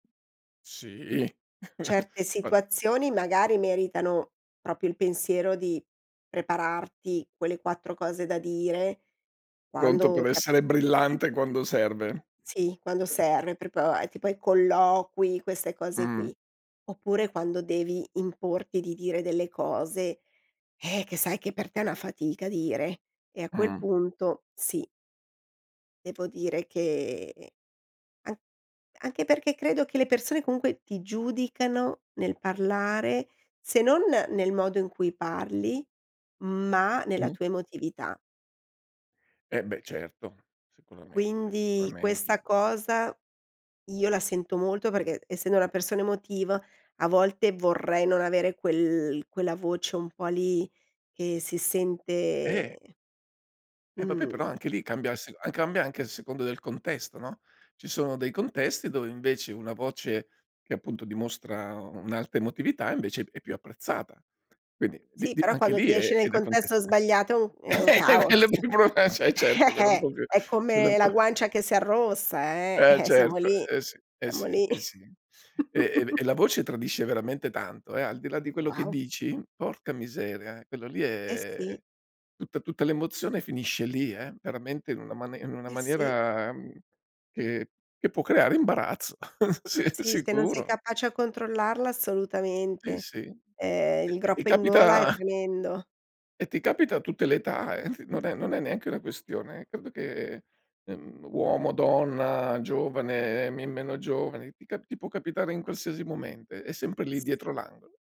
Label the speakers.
Speaker 1: Sì.
Speaker 2: Certe
Speaker 1: Ma
Speaker 2: situazioni magari meritano proprio il pensiero di prepararti quelle 4 cose da dire
Speaker 1: Pronto
Speaker 2: quando
Speaker 1: per
Speaker 2: ti a
Speaker 1: essere brillante quando
Speaker 2: E
Speaker 1: serve.
Speaker 2: sì, quando serve, proprio è tipo ai colloqui queste cose
Speaker 1: Mh-mh.
Speaker 2: qui. Oppure quando devi importi di dire delle cose, eh, che sai che per te è una fatica dire, e a quel
Speaker 1: Mh.
Speaker 2: punto sì. Devo dire che an anche perché credo che le persone comunque ti giudicano nel parlare, se non nel modo in cui parli, ma nella
Speaker 1: Mh.
Speaker 2: tua emotività.
Speaker 1: Eh beh certo. Sicuramente,
Speaker 2: Quindi
Speaker 1: sicuramente.
Speaker 2: questa cosa io la sento molto perché, essendo una persona emotiva, a volte vorrei non avere quel quella voce un po' lì che si
Speaker 1: Eh!
Speaker 2: sente
Speaker 1: Eh vabbè
Speaker 2: mhmm
Speaker 1: però anche lì cambia a sec cambia anche a seconda del contesto, no. Ci sono dei contesti dove invece una voce, che appunto dimostra un'alta emotività, invece è p è più apprezzata. Quindi di
Speaker 2: Sì,
Speaker 1: di
Speaker 2: però
Speaker 1: anche
Speaker 2: quando
Speaker 1: lì
Speaker 2: ti esce
Speaker 1: è è
Speaker 2: nel
Speaker 1: da
Speaker 2: contesto
Speaker 1: contesta
Speaker 2: sbagliato è un è un
Speaker 1: e
Speaker 2: caos.
Speaker 1: quello è più brutt e ce e certo
Speaker 2: Eh,
Speaker 1: quella un
Speaker 2: eh.
Speaker 1: po' più
Speaker 2: È
Speaker 1: quella
Speaker 2: come
Speaker 1: un po'
Speaker 2: la guancia che si arrossa, eh;
Speaker 1: Eh
Speaker 2: eh, siamo
Speaker 1: certo,
Speaker 2: lì
Speaker 1: eh sì, eh
Speaker 2: siamo
Speaker 1: sì,
Speaker 2: lì.
Speaker 1: eh sì. E e v e la voce tradisce veramente tanto, eh, al di là di quello che
Speaker 2: Wow.
Speaker 1: dici. Porca miseria. Quello lì
Speaker 2: Eh
Speaker 1: è
Speaker 2: sì.
Speaker 1: tutta tutta l'emozione finisce lì, eh, veramente in una ma in una
Speaker 2: Eh sì.
Speaker 1: maniera, uhm, che che può creare imbarazzo, sì
Speaker 2: Sì, se non sei
Speaker 1: sicuro.
Speaker 2: capace a controllarla,
Speaker 1: Sì,
Speaker 2: assolutamente.
Speaker 1: sì.
Speaker 2: Eh,
Speaker 1: Ti
Speaker 2: il
Speaker 1: ti
Speaker 2: groppo in gola è
Speaker 1: capita
Speaker 2: tremendo.
Speaker 1: e ti capita a tutte le età, eh. T non è non è neanche una questione credo che, ehm, uomo, donna, giovane, ehm, me meno giovane, ti ca ti può capitare in qualsiasi momento, è sempre lì
Speaker 2: S
Speaker 1: dietro l'angolo.